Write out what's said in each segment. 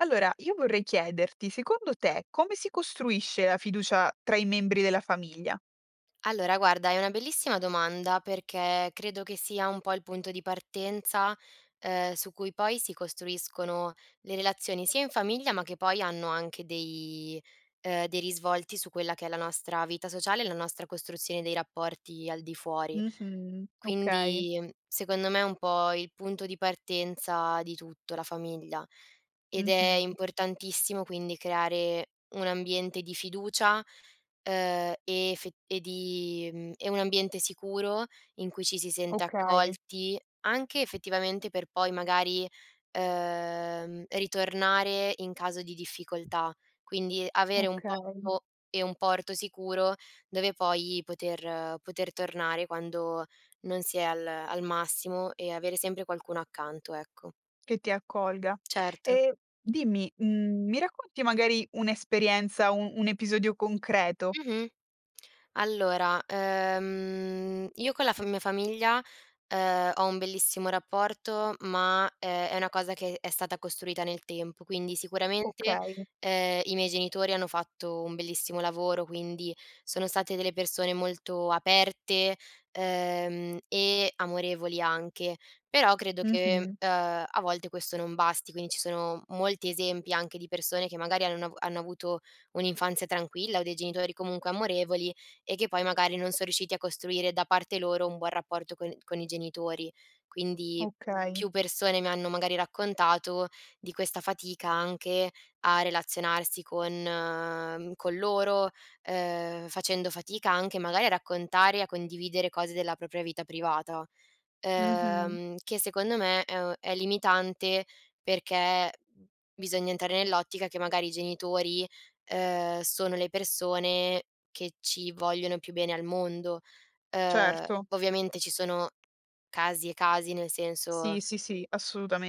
Allora io vorrei chiederti, secondo te come si costruisce la fiducia tra i membri della famiglia? Allora guarda è una bellissima domanda perché credo che sia un po' il punto di partenza, ehm, su cui poi si costruiscono le relazioni, sia in famiglia ma che poi hanno anche dei ehm, dei risvolti su quella che è la nostra vita sociale e la nostra costruzione dei rapporti al di fuori. Mh-mh, okay. Quindi, ehm, secondo me è un po' il punto di partenza di tutto la famiglia ed è Mh-mh. importantissimo quindi creare un ambiente di fiducia, ehm, e effet e di mhmm, e un ambiente sicuro in cui ci si sente Okay. accolti, anche effettivamente per poi magari, ehm, ritornare in caso di difficoltà. Quindi avere un Okay. posto e un porto sicuro dove poi poter poter tornare quando non si è al al massimo e avere sempre qualcuno accanto, ecco. Che ti accolga. Certo. E dimmi, mhmm, mi racconti magari un'esperienza, un un episodio concreto? Mh-mh. Allora, ehm, io con la fa mia famiglia, ehm, ho un bellissimo rapporto ma, ehm, è una cosa che è stata costruita nel tempo. Quindi sicuramente, Okay. ehm, i miei genitori hanno fatto un bellissimo lavoro, quindi sono state delle persone molto aperte, ehm, e amorevoli anche; però credo che, Mh-mh. ehm, a volte questo non basti. Quindi ci sono molti esempi anche di persone che magari hanno avu hanno avuto un'infanzia tranquilla o dei genitori comunque amorevoli e che poi magari non son riusciti a costruire da parte loro un buon rapporto con con i genitori. Quindi Okay. più persone mi hanno magari raccontato di questa fatica anche a relazionarsi con ehm, con loro, ehm, facendo fatica anche magari a raccontare e a condividere cose della propria vita privata; Mh-mh. ehm, che secondo me, ehm, è limitante perché bisogna entrare nell'ottica che magari i genitori, ehm, sono le persone che ci vogliono più bene al mondo. Ehm, Certo. ovviamente ci sono casi e casi nel senso Sì, sì, sì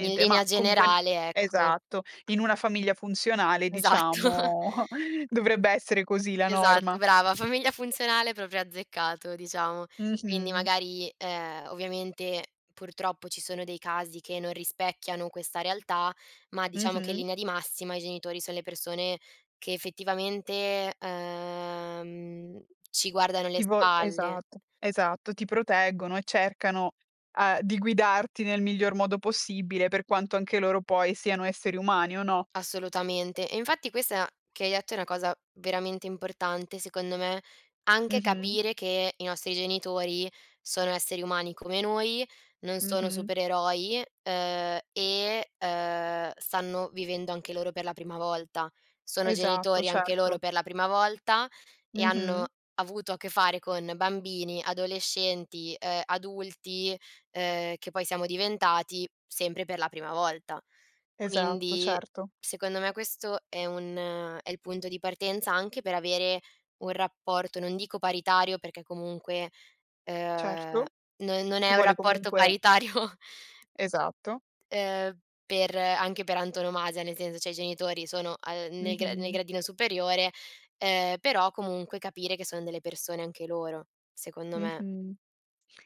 in linea ma comunque generale, ecco esatto, in una famiglia funzionale Esatto. diciamo dovrebbe essere così la Esatto norma. brava. Famiglia funzionale proprio azzeccato diciamo. Quindi Mh-mh. magari, ehm, ovviamente purtroppo ci sono dei casi che non rispecchiano questa realtà, ma diciamo che in Mh-mh. linea di massima, i genitori son le persone che effettivamente, ehm, ci guardano le Ti vo spalle. esatto. Esatto ti proteggono e cercano, uhm, di guidarti nel miglior modo possibile per quanto anche loro poi siano esseri umani, o no? Assolutamente, e infatti questa che hai detto è una cosa veramente importante secondo me, anche Mh-mh. capire che i nostri genitori sono esseri umani come noi, non sono Mh-mh. supereroi, ehm, e, ehm, stanno vivendo anche loro per la prima volta. Sono Esatto, genitori anche loro certo. per la prima volta e hanno Mh-mh. avuto a che fare con bambini, adolescenti, ehm, adulti, ehm, che poi siamo diventati sempre per la prima volta. Esatto, Quindi, certo. secondo me, questo è un è il punto di partenza anche per avere un rapporto, non dico paritario perché comunque, ehm, Certo. non non Ci è un vuole rapporto comunque paritario Esatto. ehm, per anche per antonomasia, nel senso cioè i genitori sono a ehm, nel gra nel Mh-mh. gradino superiore, ehm, però comunque capire che sono delle persone anche loro, secondo me. Mh-mh.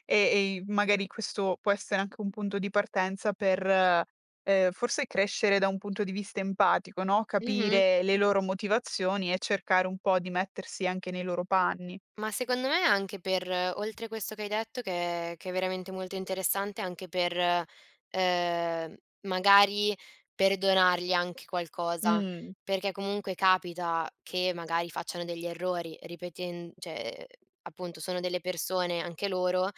E, ehm, magari questo può essere anche un punto di partenza per, ehm, forse crescere da un punto di vista empatico, no, Mh-mh. capire le loro motivazioni e cercare un po' di mettersi anche nei loro panni. Ma secondo me anche per oltre questo che hai detto che che è veramente molto interessante anche per, ehm, m magari perdonargli anche qualcosa, Mh. perché comunque capita che magari facciano degli errori ripetend cioè, ehm, appunto sono delle persone anche loro,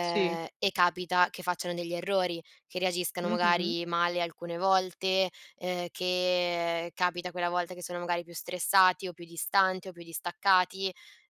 Sì. e capita che facciano degli errori, che reagiscano Mh-mh. magari male alcune volte, ehm, che capita quella volta che sono magari più stressati, o più distanti o più distaccati,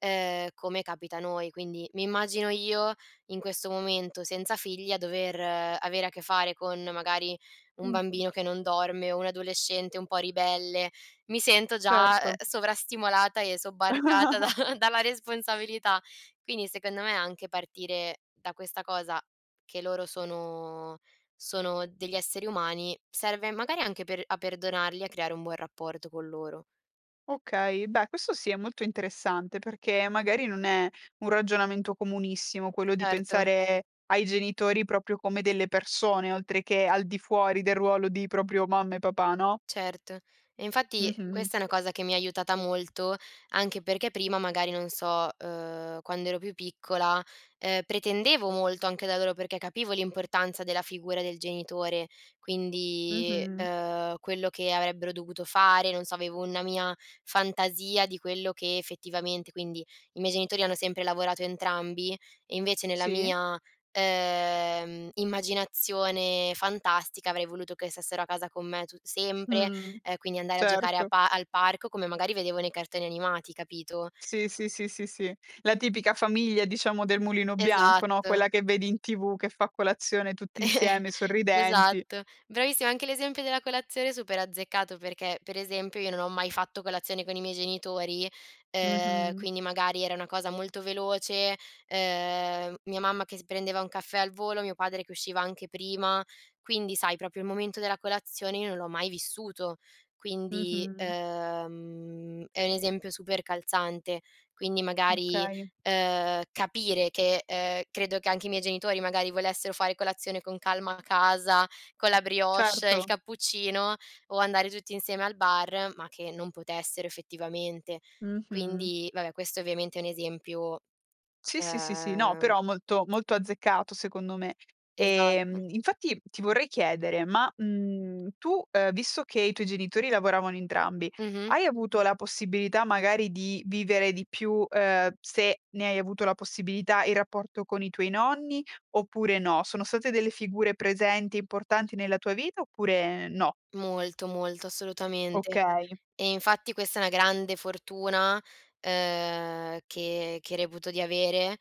ehm, come capita a noi. Quindi mi immagino io, in questo momento senza figli a dover avere a che fare con magari un bambino che Mh-mh. non dorme, o un adolescente un po' ribelle, mi sento già, ehm, Certo. sovrastimolata e sobbarcata da dalla responsabilità. Quindi secondo me, anche partire da questa cosa, che loro sono sono degli esseri umani, serve magari anche per a perdonarli e a creare un buon rapporto con loro. Okay. Beh questo sì è molto interessante, perché magari non è un ragionamento comunissimo quello di Certo. pensare ai genitori proprio come delle persone, oltre che al di fuori del ruolo di proprio mamma e papà, no? Certo. E infatti Mh-mh. questa è una cosa che mi ha aiutata molto, anche perché prima magari, non so, ehm, quando ero più piccola, ehm, pretendevo molto anche da loro perché capivo l'importanza della figura del genitore quindi, Mh-mh. ehm, quello che avrebbero dovuto fare, non so avevo una mia fantasia di quello che effettivamente quindi, i miei genitori hanno sempre lavorato entrambi e invece nella Sì. mia, ehm, immaginazione fantastica avrei voluto che stessero a casa con me tut sempre, Mh. ehm, quindi andare a giocare a Certo. pa al parco come magari vedevo nei cartoni animati, capito? Sì, sì, sì, sì, sì. La tipica famiglia diciamo, del Mulino Bianco, no, Esatto. quella che vedi in TV, che fa colazione tutti insieme sorridenti. Esatto. Bravissima anche l'esempio della colazione super azzeccato, perché per esempio io non ho mai fatto colazione con i miei genitori, ehm, Mh-mh. quindi magari era una cosa molto veloce, ehm, mia mamma che si prendeva un caffè al volo, mio padre che usciva anche prima, quindi sai proprio il momento della colazione io non l'ho mai vissuto; quindi, Mh-mh. ehm, è un esempio super calzante. Quindi magari, Okay. ehm, capire che, ehm, credo che anche i miei genitori magari volessero fare colazione con calma a casa con la brioche, il Certo. cappuccino o andare tutti insieme al bar, ma che non potessero effettivamente. Mh-mh. Quindi, vabbè questo ovviamente è un esempio, Sì, sì, sì, sì. No ehm però molto molto azzeccato secondo me. Esatto. Ehm, infatti ti vorrei chiedere ma, mhmm, tu, ehm, visto che i tuoi genitori lavoravano entrambi, Mh-mh. hai avuto la possibilità magari di vivere di più, ehm, se ne hai avuto la possibilità, il rapporto con i tuoi nonni oppure no? Sono state delle figure presenti e importanti nella tua vita oppure no? Molto, molto assolutamente. Okay. E infatti questa è una grande fortuna, ehm, che che reputo di avere,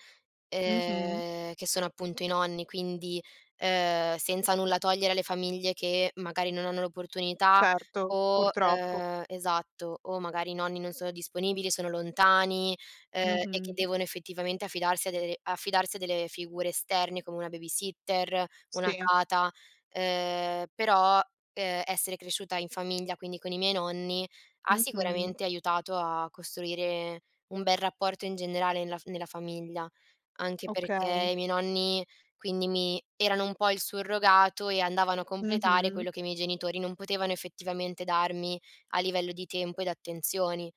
Mh-mh. ehm, che sono appunto i nonni. Quindi, ehm, senza nulla togliere alle famiglie che magari non hanno l'opportunità Certo. o, Purtroppo. ehm esatto o magari i nonni non sono disponibili, sono lontani, ehm, e che Mh-mh. devono effettivamente affidarsi a dere affidarsi a delle figure esterne come una babysitter, una Sì. tata, ehm, però, ehm, essere cresciuta in famiglia quindi con i miei nonni, ha Mh-mh. sicuramente aiutato a costruire un bel rapporto in generale nella fa nella famiglia. Anche perché Okay. i miei nonni quindi mi erano un po' il surrogato e andavano a completare Mh-mh. quello che i miei genitori non potevano effettivamente darmi a livello di tempo ed attenzioni.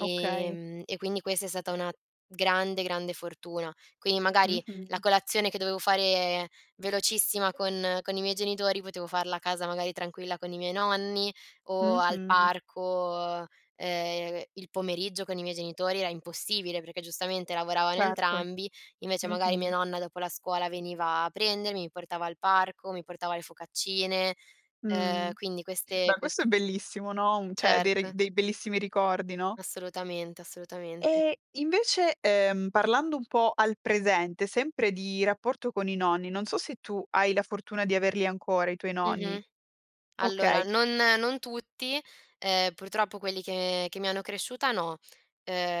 Okay. e quindi questa è stata una grande, grande fortuna. Quindi magari la Mh-mh. colazione che dovevo fare velocissima con con i miei genitori potevo farla a casa magari tranquilla con i miei nonni, o al Mh-mh. parco; ehm, il pomeriggio con i miei genitori era impossibile perché giustamente lavoravano Certo. entrambi. Invece magari mia Mh-mh. nonna dopo la scuola veniva a prendermi, mi portava al parco, mi portava le focaccine, Mh. ehm, quindi queste Beh quest questo è bellissimo, no, un cioè dei re Certo. dei bellissimi ricordi, no? Assolutamente, assolutamente. Eh invece, ehm, parlando un po' al presente, sempre di rapporto con i nonni, non so se tu hai la fortuna di averli ancora i tuoi nonni. Mh-mh. Allora Okay. non non tutti. Ehm, purtroppo quelli che che mi hanno cresciuta no,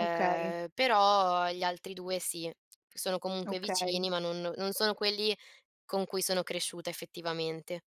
Okay. però agli altri due sì, che sono comunque Okay. vicini ma non non sono quelli con cui sono cresciuta effettivamente.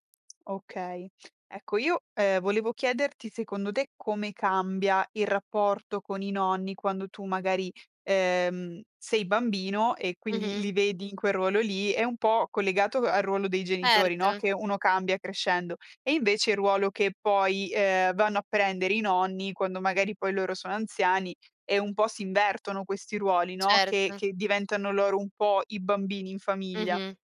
Okay. Ecco io, ehm, volevo chiederti secondo te come cambia il rapporto con i nonni quando tu magari, ehm, sei bambino e quindi Mh-mh. li vedi in quel ruolo lì, è un po' collegato al ruolo dei genitori, no, Erto. che uno cambia crescendo; e invece il ruolo che poi, ehm, vanno a prendere i nonni quando magari poi loro sono anziani, e un po' si invertono questi ruoli, no, che Certo. che diventano loro un po' i bambini in famiglia. Mh-mh.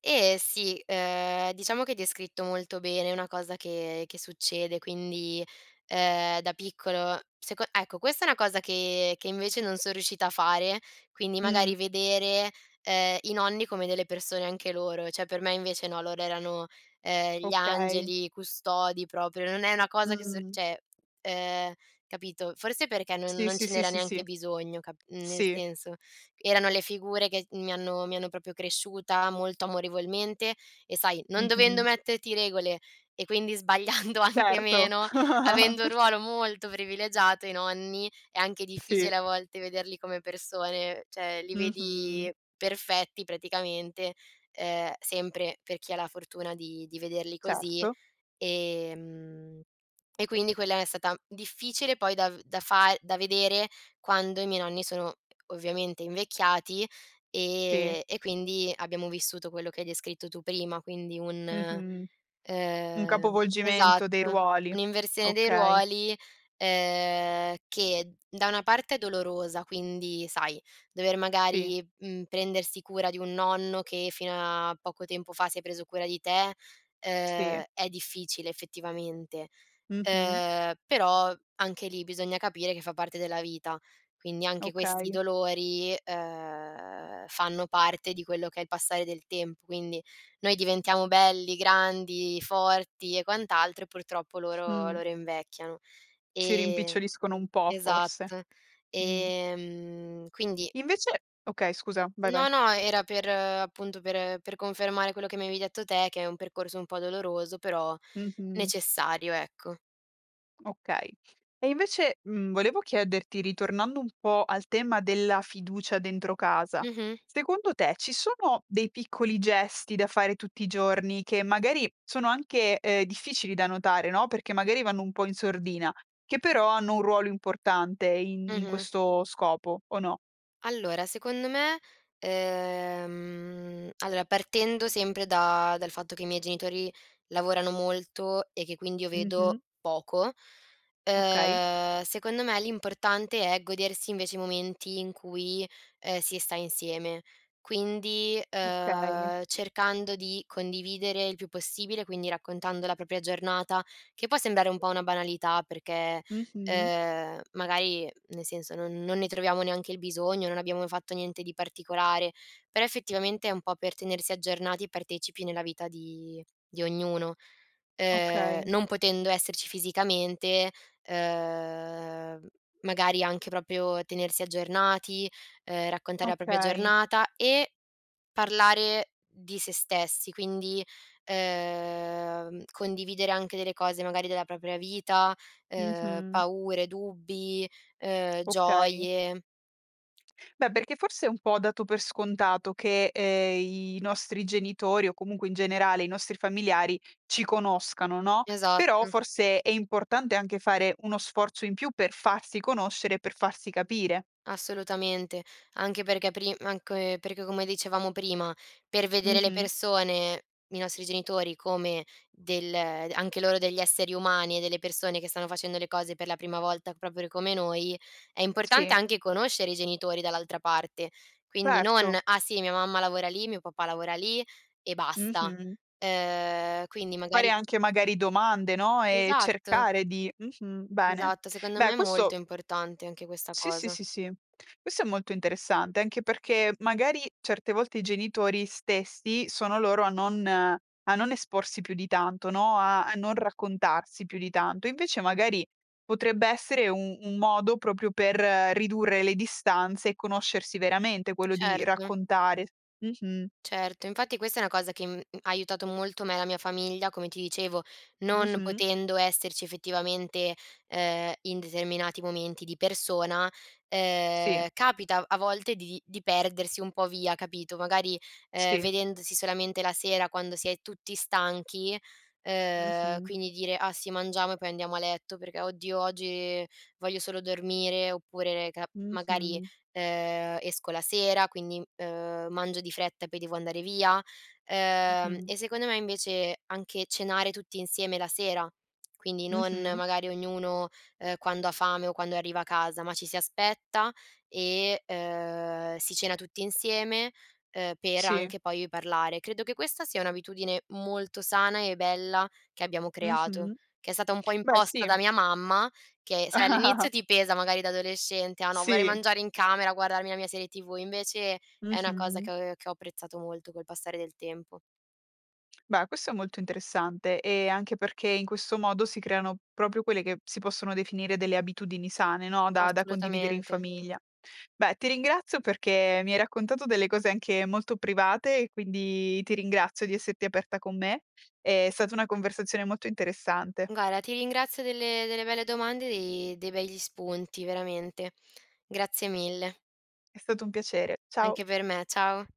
Eh sì, ehm, diciamo che hai descritto molto bene, è una cosa che che succede. Quindi, ehm, da piccolo seco ecco questa è una cosa che che invece non son riuscita a fare, quindi magari Mh. vedere, ehm, i nonni come delle persone anche loro, cioè per me invece no, loro erano, ehm, gli Okay. angeli, i custodi proprio, non è una cosa che sor Mh. cioè, ehm, capito. Forse perché non Sì, non sì, ce sì, n'era sì, neanche sì. bisogno cap mhmm, nel Sì. senso: erano le figure che s mi hanno mi hanno proprio cresciuta molto amorevolmente e sai, non dovendo Mh-mh. metterti regole e quindi sbagliando anche Certo. meno, avendo un ruolo molto privilegiato i nonni, è anche difficile Sì. a volte vederli come persone. Cioè li Mh-mh. vedi perfetti praticamente, ehm, sempre per chi ha la fortuna di di vederli così. Certo. Ehm, e quindi quella è stata difficile poi da v da far da vedere quando i miei nonni sono ovviamente invecchiati, Sì. ehm, e quindi abbiamo vissuto quello che hai descritto tu prima, quindi un, Mh-mh. Un ehm capovolgimento dei esatto ruoli. un'inversione dei Okay. ruoli, ehm, che da una parte è dolorosa: quindi sai dover Sì. magari, uhm, prendersi cura di un nonno che fino a poco tempo fa si è preso cura di te, ehm, Sì. è difficile effettivamente; Mh-mh. ehm, però anche lì bisogna capire che fa parte della vita, quindi anche questi Okay. dolori, ehm, fanno parte di quello che è il passare del tempo. Quindi noi diventiamo belli, grandi, forti e quant'altro e purtroppo loro Mh. loro invecchiano Si e rimpiccioliscono un po' forse. esatto. Mh. Ehm, quindi Invece okay scusa, vai, No, vai. no, era per appunto per per confermare quello che mi avevi detto te, che è un percorso un po' doloroso però Mh-mh. necessario, ecco. Okay. E invece, mhmm, volevo chiederti ritornando un po' al tema della fiducia dentro casa, Mh-mh. secondo te ci sono dei piccoli gesti da fare tutti i giorni che magari sono anche, ehm, difficili da notare, no, perché magari vanno un po' in sordina, che però hanno un ruolo importante in in Mh-mh. questo scopo o no? Allora secondo me, ehm, allora partendo sempre da dal fatto che i miei genitori lavorano molto e che quindi io vedo Mh-mh. poco, Okay. ehm, secondo me l'importante è godersi invece i momenti in cui, ehm, si sta insieme. Quindi, Okay. ehm, cercando di condividere il più possibile, quindi raccontando la propria giornata, che può sembrare un po' una banalità perché, Mh-mh. ehm, magari nel senso, non non ne troviamo neanche il bisogno, non abbiamo fatto niente di particolare, però effettivamente è un po' per tenersi aggiornati e partecipi nella vita di di ognuno. Ehm, Okay. non potendo esserci fisicamente, ehm, magari anche proprio tenersi aggiornati, ehm, raccontare la propria Okay. giornata e parlare di se stessi, quindi, ehm, condividere anche delle cose magari della propria vita, ehm, Mh-mh. paure, dubbi, ehm, Okay. gioie. Beh, perché forse è un po' dato per scontato che, ehm, i nostri genitori o comunque in generale i nostri familiari ci conoscano, no. Però Esatto. forse è importante anche fare uno sforzo in più per farsi conoscere e per farsi capire. Assolutamente. Anche perché prim anche perché come dicevamo prima per vedere le Mh-mh. persone i nostri genitori come del anche loro degli esseri umani e delle persone che stanno facendo le cose per la prima volta, proprio come noi, è importante Sì. anche conoscere i genitori dall'altra parte, quindi non: Certo. "Ah sì mia mamma lavora lì, mio papà lavora lì e basta." Mh-mh. Ehm, quindi Fare magari anche magari domande, no, ehm, Esatto. cercare di mh-mh, bene. Esatto, secondo me Beh è molto questo importante anche questa Sì, sì, cosa. sì, sì. Questo è molto interessante anche perché magari certe volte i genitori stessi sono loro a non a non esporsi più di tanto, no, a a non raccontarsi più di tanto. Invece magari potrebbe essere un un modo proprio per ridurre le distanze e conoscersi veramente, quello di Certo. raccontare. Mh-mh. Certo, infatti questa è una cosa che, mhmm, ha aiutato molto me e la mia famiglia come ti dicevo. Non Mh-mh. potendo esserci effettivamente, ehm, in determinati momenti di persona, Sì. ehm, capita a volte di di perdersi un po' via, capito; magari, ehm, Sì. vedendosi solamente la sera quando si è tutti stanchi, ehm, Mh-mh. quindi dire: "Ah sì mangiamo e poi andiamo a letto perché oddio oggi voglio solo dormire", oppure ne ca magari, Mh-mh. ehm, esco la sera quindi, ehm, mangio di fretta e poi devo andare via, ehm, Mh-mh. e secondo me invece anche cenare tutti insieme la sera, quindi non Mh-mh. magari ognuno, ehm, quando ha fame o quando arriva a casa, ma ci si aspetta e, ehm, si cena tutti insieme, ehm, per Sì. anche poi io parlare. Credo che questa sia un'abitudine molto sana e bella che abbiamo creato, Mh-mh. che è stata un po' Beh imposta sì. da mia mamma, che sai all'inizio ti pesa magari da adolescente: "Ah no vorrei Sì. mangiare in camera a guardarmi la mia serie TV"; invece è una cosa che Mh-mh. ho che ho apprezzato molto col passare del tempo. Beh questo è molto interessante, ehm, anche perché in questo modo si creano proprio quelle che si possono definire delle abitudini sane, no, da da condividere in Assolutamente. famiglia. Beh, ti ringrazio perché mi hai raccontato delle cose anche molto private e quindi ti ringrazio di esserti aperta con me. È stata una conversazione molto interessante. Guarda, ti ringrazio delle delle belle domande e dei dei begli spunti, veramente. Grazie mille. È stato un piacere. Ciao. Anche per me. Ciao.